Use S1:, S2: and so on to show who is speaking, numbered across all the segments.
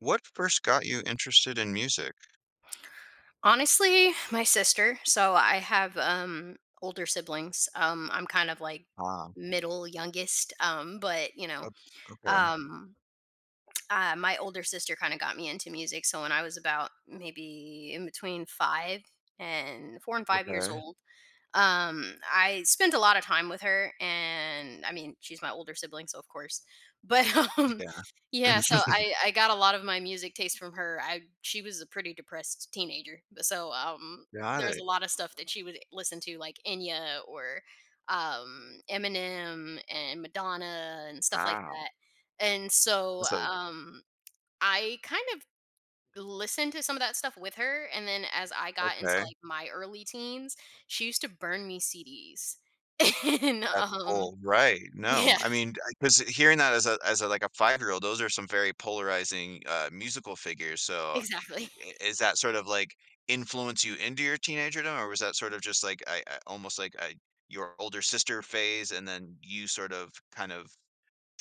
S1: What first got you interested in music?
S2: Honestly, my sister. So I have, um, older siblings, um, I'm kind of, like,
S1: Ah.
S2: middle youngest, um, but, you know,
S1: Oh, okay.
S2: um, uh, my older sister kinda got me into music, so when I was about maybe in between 5 and 4 and 5 years
S1: Okay.
S2: old, um, I spent a lot of time with her and, I mean, she's my older sibling, so of course, but, um,
S1: Yeah.
S2: yeah, so I I got a lot of my music taste from her, I she was a pretty depressed teenager, b so, um,
S1: Got
S2: there's a
S1: it.
S2: lot of stuff that she would listen to, like Enya or, um, Eminem and Madonna and stuff like
S1: Wow.
S2: that. And so,
S1: That's a
S2: um, I kind of listened to some of that stuff with her, and then as I got into,
S1: Okay.
S2: like, my early teens, she used to burn me CDs. And,
S1: That's
S2: um
S1: cool. Right. No,
S2: yeah.
S1: I mean, I 'cause hearing that as a as a, like a five-year-old, those are some very polarizing, uh, musical figures, so i
S2: Exactly.
S1: i is that sort of like influence you into your teenagerdom, or was that sort of just like a a almost like a your older sister phase, and then you sort of kind of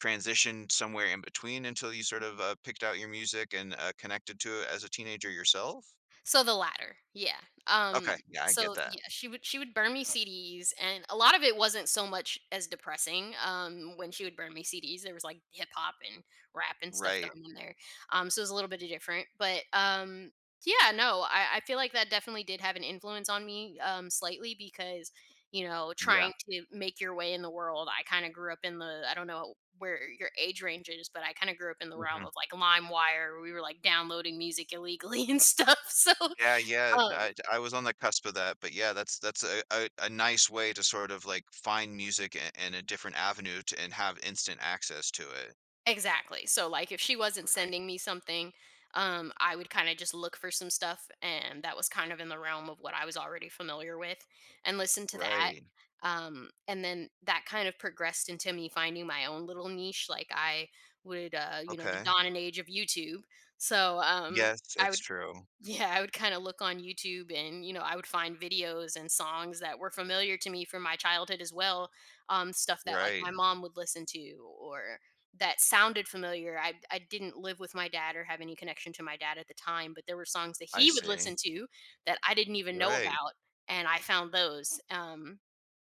S1: transitioned somewhere in between until you sort of, uh, picked out your music and, uh, connected to it as a teenager yourself?
S2: So the latter, yeah. Um,
S1: Okay. Yeah, I get
S2: so
S1: that.
S2: yeah, she would she would burn me CDs, and a lot of it wasn't so much as depressing, um, when she would burn me CDs, there was like hip hop and rap and stuff
S1: Right.
S2: thrown in there, um, so it was a little bit di different, but, um, yeah, no, I I feel like that definitely did have an influence on me, um, slightly because, you know,
S1: Yeah.
S2: trying to make your way in the world, I kinda grew up in the I don't know where your age range is, but I kinda grew up in the realm
S1: Mhm.
S2: of like Limewire, we were like downloading music illegally and stuff, so,
S1: Yeah, yeah,
S2: um
S1: I j I was on the cusp of that, but yeah, that's that's a a a nice way to sort of, like, find music i in a different avenue to, and have instant access to it.
S2: Exactly. So, like, if she wasn't
S1: Right.
S2: sending me something, um, I would, kinda, just, look for some stuff, and that was, kind of, in the realm of what I was already familiar with, and listen to that,
S1: Right.
S2: um, and then that, kind of progressed into me finding my own little niche, like I would, uh you know, the
S1: Okay.
S2: dawn and age of YouTube. So, um,
S1: Yes,
S2: I
S1: that's
S2: would,
S1: true.
S2: yeah, I would, kinda, look on YouTube and, you know, I would find videos and songs that were familiar to me from my childhood as well, um, stuff that, like, my
S1: Right.
S2: mom would listen to or that sounded familiar. I I didn't live with my dad or have any connection to my dad at the time, but there were songs that
S1: I
S2: he would
S1: see.
S2: listen to that I didn't even know
S1: Right.
S2: about, and I found those, um,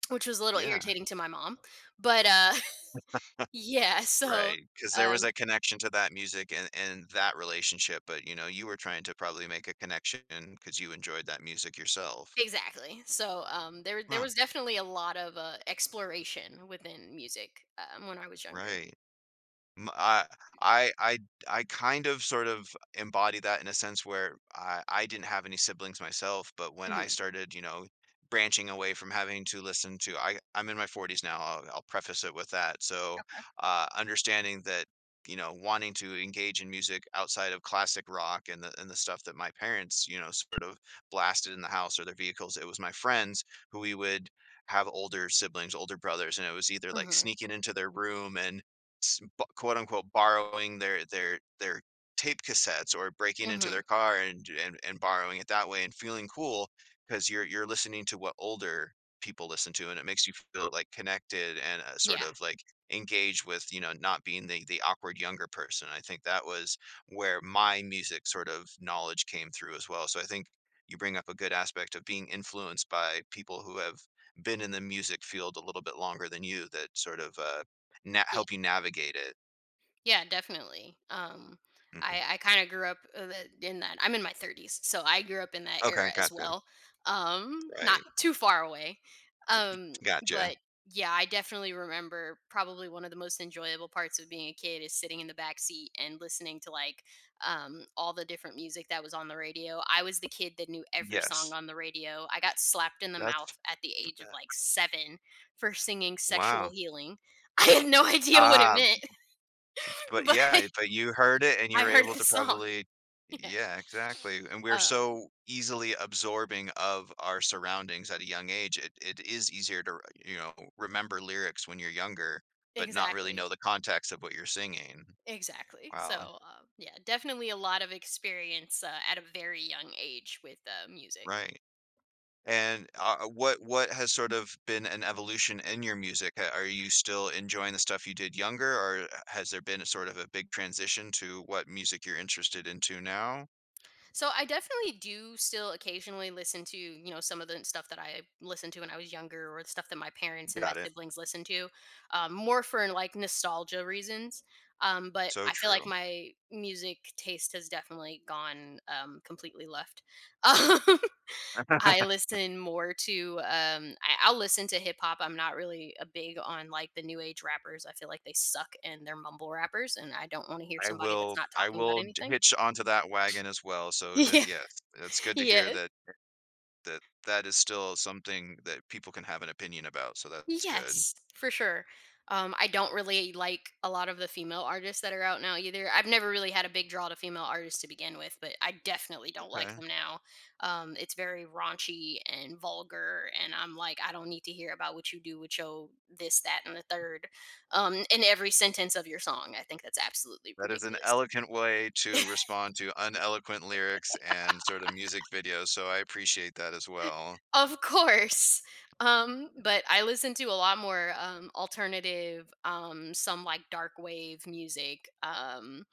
S2: which was a little
S1: Yeah.
S2: irritating to my mom, but, uh, yeah, so,
S1: Right, 'cause there was
S2: um
S1: a connection to that music and and that relationship, but, you know, you were trying to probably make a connection 'cause you enjoyed that music yourself.
S2: Exactly. So, um, there there
S1: Huh.
S2: was definitely a lot of, uh, exploration within music, um, when I was younger.
S1: Right. M I I I I kind of, sort of, embody that in a sense where I I didn't have any siblings myself, but when I
S2: Mhm.
S1: started, you know, branching away from having to listen to I I'm in my 40s now. I'll I'll preface it with that, so,
S2: Okay.
S1: uh, understanding that, you know, wanting to engage in music outside of classic rock and the and the stuff that my parents, you know, sort of blasted in the house or their vehicles, it was my friends who we would have older siblings, older brothers, and it was either, like,
S2: Mhm.
S1: sneaking into their room and s b quote-unquote, “borrowing” their their their tape cassettes or breaking into
S2: Mhm.
S1: their car and j and, and borrowing it that way and feeling cool 'cause you're you're listening to what older people listen to, and it makes you feel, like, connected and, uh, sort
S2: Yeah.
S1: of, like, engaged with, you know, not being the the awkward younger person. I think that was where my music, sort of, knowledge came through as well. So I think you bring up a good aspect of being influenced by people who have been in the music field a little bit longer than you that sort of, uh, na
S2: Yeah.
S1: help you navigate it.
S2: Yeah, definitely. Um,
S1: Mhm.
S2: I I kinda grew up, uh, in in that. I'm in my 30s, so, I grew up in that era
S1: Okay,
S2: as
S1: gotcha.
S2: well. Um, not
S1: Right.
S2: too far away. Um,
S1: Gotcha.
S2: but yeah, I definitely remember probably one of the most enjoyable parts of being a kid is sitting in the backseat and listening to like, um, all the different music that was on the radio. I was the kid that knew every song
S1: Yes.
S2: on the radio. I got slapped in the
S1: That's
S2: mouth at the age of, like, 7 for singing "Sexual
S1: Wow.
S2: Healing." I had no idea what it
S1: Ah.
S2: meant
S1: But
S2: but
S1: yeah, but you heard it, and you
S2: I
S1: were
S2: heard
S1: able
S2: the
S1: to
S2: song.
S1: probably
S2: Yeah
S1: Yeah, exactly. And we're
S2: um
S1: so easily absorbing of our surroundings at a young age. It it is easier to r you know, remember lyrics when you're younger, but not really know
S2: Exactly.
S1: the context of what you're singing.
S2: Exactly. So,
S1: Wow.
S2: um, yeah, definitely a lot of experience, uh, at a very young age with, uh, music.
S1: Right. And, uh, what what has sort of been an evolution in your music? Uh, are you still enjoying the stuff you did younger, or, eh, h has there been a sort of a big transition to what music you're interested into now?
S2: So, I definitely do still occasionally listen to, you know, some of the stuff that I listened to when I was younger or the stuff that my parents and my
S1: Got it.
S2: siblings listened to, um, more for like nostalgia reasons. Um, but
S1: So
S2: I feel like
S1: true.
S2: my music taste has definitely gone, um, completely left, um. I listen more to, um, I I'll listen to hip hop, I'm not really, uh, big on like the new age rappers, I feel like they suck and they're mumble rappers, and I don't wanna hear
S1: I
S2: somebody that's
S1: will
S2: not
S1: I
S2: talking about
S1: will t
S2: anything.
S1: hitch onto that wagon as well so,
S2: Y
S1: the
S2: yeah.
S1: Yes, it's good to hear
S2: Yeah.
S1: that [unintelligible] that is still something that people can have an opinion about, so, that's good.
S2: Yes, for sure. Um, I don't really like a lot of the female artists that are out now either. I've never really had a big draw to female artists to begin with, but I definitely don't like
S1: Okay.
S2: them now. Um, it's very raunchy and vulgar, and I'm, like, "I don't need to hear about what you do with your this, that, and the third, um, in every sentence of your song." I think that's absolutely
S1: That is an
S2: ridiculous.
S1: eloquent way to respond to uneloquent lyrics and sort of music videos, so, I appreciate that as well.
S2: Of course. Um, but I
S1: That's
S2: listen to a lot more, um, alternative, um, some, like, dark wave music. Um,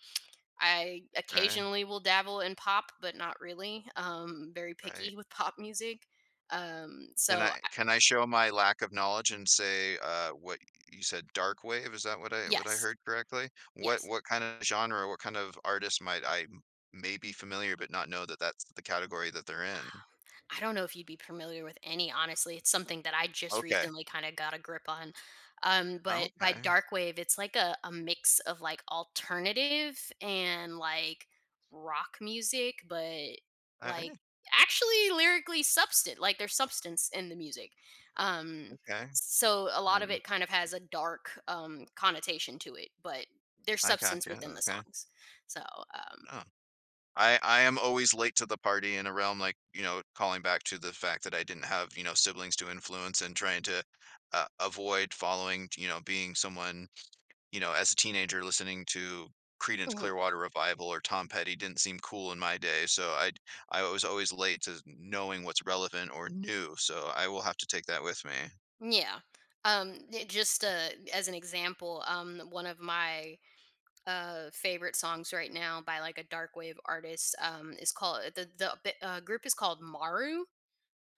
S2: I
S1: Okay.
S2: occasionally will dabble in pop, but not really. Um, very
S1: Right.
S2: picky with pop music. Um,
S1: Can
S2: so
S1: I
S2: I
S1: can I show my lack of knowledge and say, uh, what you said dark wave? Is that what I what I
S2: Yes.
S1: heard correctly? What
S2: Yes.
S1: what kind of genre, what kind of artist might I m may be familiar but not know that that's the category that they're
S2: Um,
S1: in?
S2: I don't know if you'd be familiar with any, honestly, it's something that I just
S1: Okay.
S2: recently kinda got a grip on. Um, but by
S1: Okay.
S2: dark wave, it's like a a mix of, like, alternative and, like, rock music, but, like,
S1: [unintelligible]
S2: actually lyrically substant like, there's substance in the music. Um,
S1: Okay.
S2: so, a lot of
S1: I
S2: it kind of has a dark, um, connotation to it, but there's
S1: I
S2: substance
S1: gotcha.
S2: within the
S1: Okay.
S2: songs. So, um
S1: Oh. I I am always late to the party in a realm, like, you know, calling back to the fact that I didn't have, you know, siblings to influence and trying to, uh, avoid following, t you know, being someone, you know, as a teenager listening to Creedence
S2: Mhm.
S1: Clearwater Revival or Tom Petty didn't seem cool in my day so, I'd I was always late to kn knowing what's relevant or new so, I will have to take that with me.
S2: Yeah. Um, it just, uh as an example, um, one of my, uh, favorite songs right now by, like, a dark wave artist, um, is called the the the, uh, group is called Maru.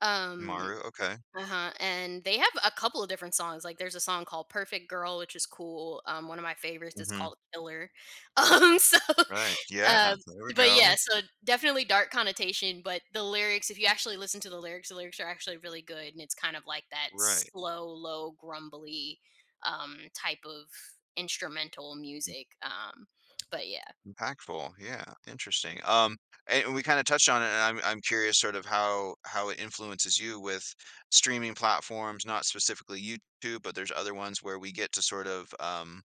S2: Um,
S1: Maru, okay.
S2: uh-huh, and they have a couple of different songs, like, there's a song called Perfect Girl, which is cool, um, one of my favorites is
S1: Mhm.
S2: called Killer. Um, so,
S1: Right. Yeah.
S2: um,
S1: There we
S2: but
S1: go.
S2: yeah, so, definitely dark connotation, but the lyrics, if you actually listen to the lyrics, the lyrics are actually really good, and it's kind of like that
S1: Right.
S2: slow, low, grumbly, um, type of instrumental music, um, but yeah.
S1: Impactful. Yeah. Interesting. Um, and we kinda touched on it, and I'm I'm curious sort of how how it influences you with streaming platforms, not specifically YouTube, but there's other ones where we get to sort of, um,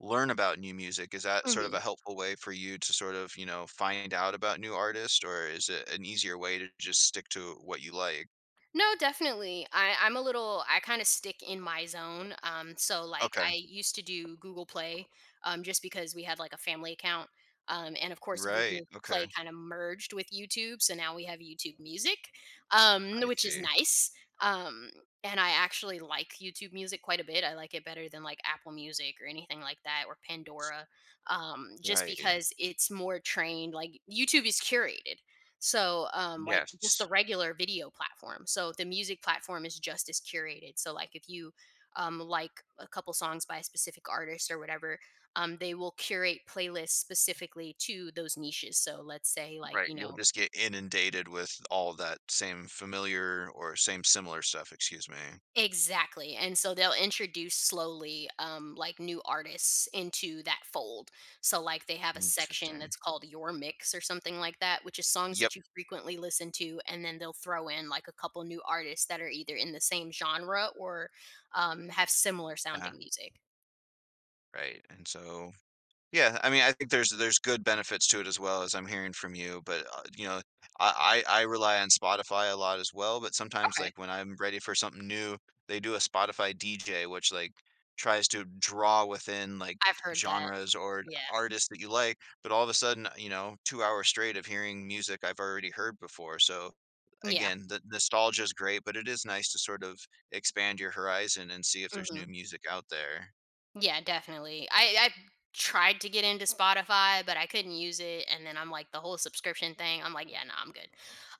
S1: learn about new music, is that sort of
S2: Mhm.
S1: a helpful way for you to sort of, you know, find out about new artists, or is it an easier way to just stick to what you like?
S2: No, definitely. I I'm a little I kinda stick in my zone. Um, so, like, I
S1: Okay.
S2: used to do Google Play, um, just because we had, like, a family account. Um, and of course,
S1: Right.
S2: Google
S1: Okay.
S2: Play kinda merged with YouTube, so now we have YouTube Music, um, n
S1: I
S2: which is
S1: see.
S2: nice. Um, and I actually like YouTube Music quite a bit. I like it better than, like, Apple Music or anything like that, or Pandora, um, just
S1: Right.
S2: because it's more trained. Like, YouTube is curated, so, um, like just
S1: Yes.
S2: the regular video platform. So, the music platform is just as curated. So, like, if you, um, like a couple songs by a specific artist or whatever, um, they will curate playlists specifically to those niches. So let's say, like,
S1: Right.
S2: you
S1: You'll
S2: know
S1: just get inundated with all that same familiar or same similar stuff, excuse me.
S2: Exactly. And so they'll introduce slowly, um, like, new artists into that fold. So, like, they have a section
S1: Interesting.
S2: that's called, "Your Mix" or something like that, which is songs
S1: Yep.
S2: that you frequently listen to, and then they'll throw in, like, a couple new artists that are either in the same genre or, um, have similar
S1: Yeah.
S2: sounding music.
S1: Right, and so, yeah, I mean, I think there's there's good benefits to it as well as I'm hearing from you, but, uh, you know, I I I rely on Spotify a lot as well, but sometimes,
S2: Okay.
S1: like, when I'm ready for something new, they do a Spotify DJ, which, like, tries to draw within, like,
S2: I've heard that,
S1: genres or
S2: yeah.
S1: artists that you like, but all of a sudden, uh, you know, 2 hours straight of hearing music I've already heard before. So,
S2: Yeah.
S1: again, the nostalgia's great, but it is nice to, sort of, expand your horizon and see if there's new
S2: Mhm.
S1: music out there.
S2: Yeah, definitely. I I tried to get into Spotify, but I couldn't use it, and then I'm like the whole subscription thing, I'm like, "Yeah, no, I'm good."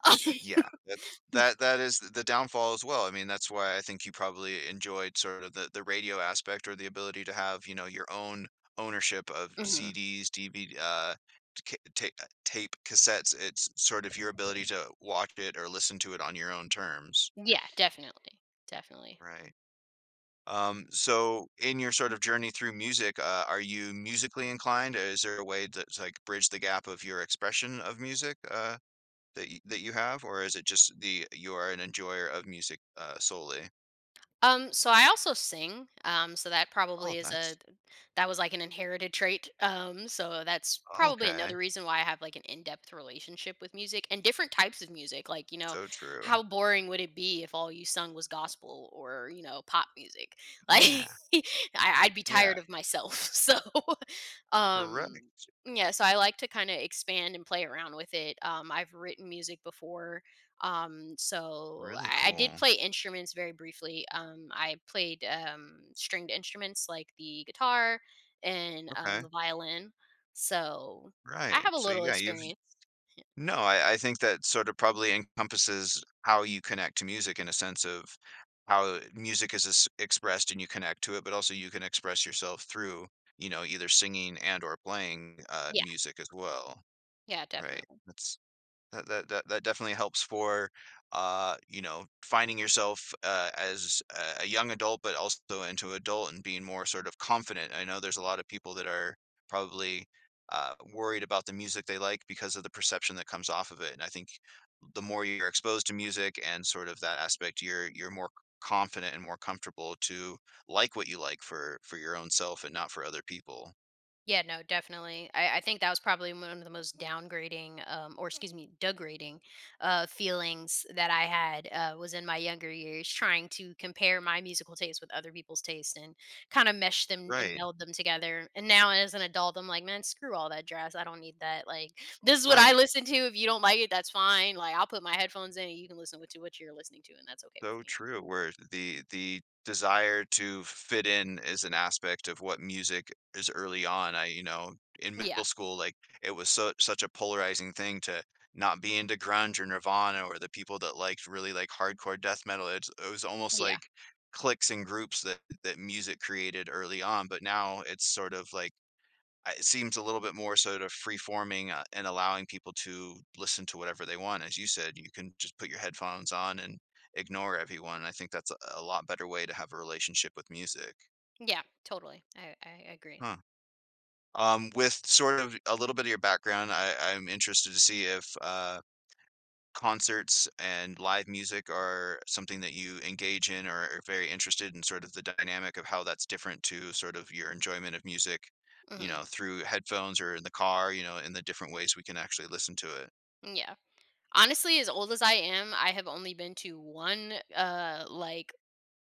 S2: Um
S1: Yeah, that's
S2: mm
S1: that that is th the downfall as well. I mean, that's why I think you probably enjoyed, sort of, the the radio aspect or the ability to have, you know, your own ownership of
S2: Mhm.
S1: CDs, DV uh, th ca uh, ta tape cassettes. It's sort of your ability to watch it or listen to it on your own terms.
S2: Yeah, definitely, definitely.
S1: Right, um, so in your sort of journey through music, uh, are you musically inclined? Is there a way th to, uh, like, bridge the gap of your expression of music, uh, that y that you have, or is it just the you are an enjoyer of music, uh, solely?
S2: Um, so, I also sing, um, so that
S1: Oh,
S2: probably is a
S1: that's
S2: th that was like an inherited trait. Um, so that's probably
S1: Okay.
S2: another reason why I have, like, an in-depth relationship with music, and different types of music. Like, you know,
S1: So true.
S2: how boring would it be if all you sung was gospel or, you know, pop music? Like
S1: Yeah.
S2: I I'd be
S1: Yeah.
S2: tired of myself, so.
S1: Correct.
S2: Um, yeah, so I like to kinda expand and play around with it. Um, I've written music before. Um, so
S1: Really
S2: I I did
S1: cool.
S2: play instruments very briefly. Um, I played, um, stringed instruments like the guitar and, um,
S1: Okay.
S2: the violin. So I
S1: Right.
S2: have a
S1: So
S2: little
S1: yeah, you've
S2: experience.
S1: no, I I think that sorta probably encompasses how you connect to music in a sense of how, eh, music is es expressed and you connect to it, but also you can express yourself through, you know, either singing and/or playing, uh,
S2: Yeah.
S1: music as well.
S2: Yeah,
S1: Right.
S2: definitely.
S1: That's that that that definitely helps for, uh, you know, finding yourself, uh, as a a young adult, but also into adult and being more sort of confident. I know there's a lotta people that are probably, uh, worried about the music they like because of the perception that comes off of it, and I think the more you're exposed to music and sort of that aspect, you're you're more c confident and more comfortable to like what you like for for your own self and not for other people.
S2: Yeah, no, definitely. I I think that was probably mu one of the most downgrading, um or excuse me, degrading, uh, feelings that I had, uh, was in my younger years trying to compare my musical taste with other people's taste and kinda mesh them and
S1: Right.
S2: meld them together. And now as an adult, I'm like, "Man, screw all that jazz. I don't need that." Like, "This is what I
S1: Right.
S2: listen to. If you don't like it, that's fine." Like, I'll put my headphones in and you can listen what to what you're listening to, and that's okay with
S1: So
S2: me.
S1: true, where the the desire to fit in is an aspect of what music is early on. I, you know, in
S2: Yeah.
S1: middle school, like, it was su such a polarizing thing to not be into grunge or Nirvana or the people that liked really, like, hardcore death metal. It's it was almost
S2: Yeah.
S1: like cliques and groups that that music created early on. But now it's sort of like, uh, it seems a little bit more sort of free-forming, uh, and allowing people to listen to whatever they want. As you said, you can just put your headphones on and ignore everyone, and I think that's a a lot better way to have a relationship with music.
S2: Yeah, totally. I I agree.
S1: Huh. Um, with sort of a little bit of your background, I I'm interested to see if, uh, concerts and live music are something that you engage in or are very interested in sort of the dynamic of how that's different to sort of your enjoyment of music, you
S2: Mhm.
S1: know, through headphones or in the car, you know, and the different ways we can actually listen to it.
S2: Yeah, honestly, as old as I am, I have only been to 1, uh, like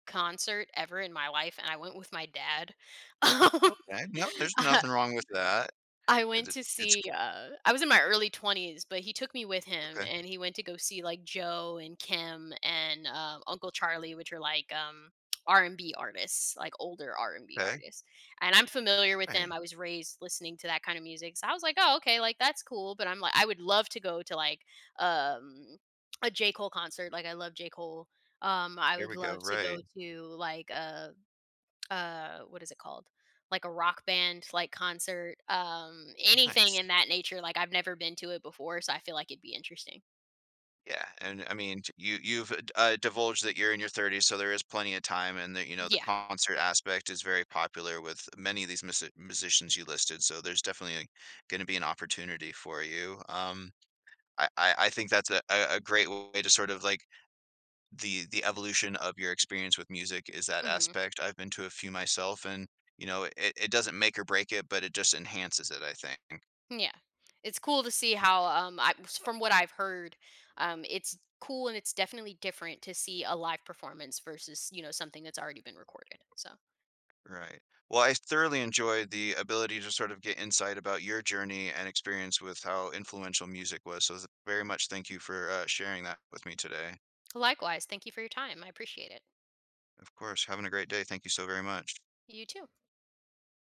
S2: concert ever in my life, and I went with my dad. Um,
S1: Okay, well there's
S2: uh,
S1: nothing wrong with that.
S2: I
S1: Is
S2: went
S1: it
S2: to
S1: it's
S2: see, uh I was in my early 20s, but he took me with him,
S1: Okay.
S2: and he went to go see, like, Joe and Kem and, uh, Uncle Charlie, which are like, um, R&B artists, like older R&B
S1: 'Kay.
S2: artists. And I'm familiar with
S1: Dang.
S2: them, I was raised listening to that kind of music so, I was, like, "Oh, okay. Like, that's cool." But I'm, like, I would love to go to, like, um, a J. Cole concert, like, I love J. Cole, um, I
S1: Here
S2: would
S1: we go,
S2: love to
S1: right.
S2: go to like a a, what is it called? Like a rock band, like concert, um, anything in
S1: Nice.
S2: that nature, like I've never been to it before, so, I feel like it'd be interesting.
S1: Yeah, and I mean, t you, you've, uh, divulged that you're in your 30s, so there is plenty of time and that, you know, the
S2: Yeah.
S1: concert aspect is very popular with many of these musi musicians you listed, so there's definitely gonna be an opportunity for you. Um, I I I think that's a, a great way to sort of like The the evolution of your experience with music is that
S2: Mhm.
S1: aspect. I've been to a few myself and, you know, it it doesn't make or break it, but it just enhances it, I think.
S2: Yeah. It's cool to see how,
S1: Right.
S2: um, I from what I've heard, um, it's cool and it's definitely different to see a live performance versus, you know, something that's already been recorded, so
S1: Right, well, I thoroughly enjoyed the ability to sort of get insight about your journey and experience with how influential music was, so th very much thank you for, uh, sharing that with me today.
S2: Likewise, thank you for your time, I appreciate it.
S1: Of course having a great day thank you so very much.
S2: You too.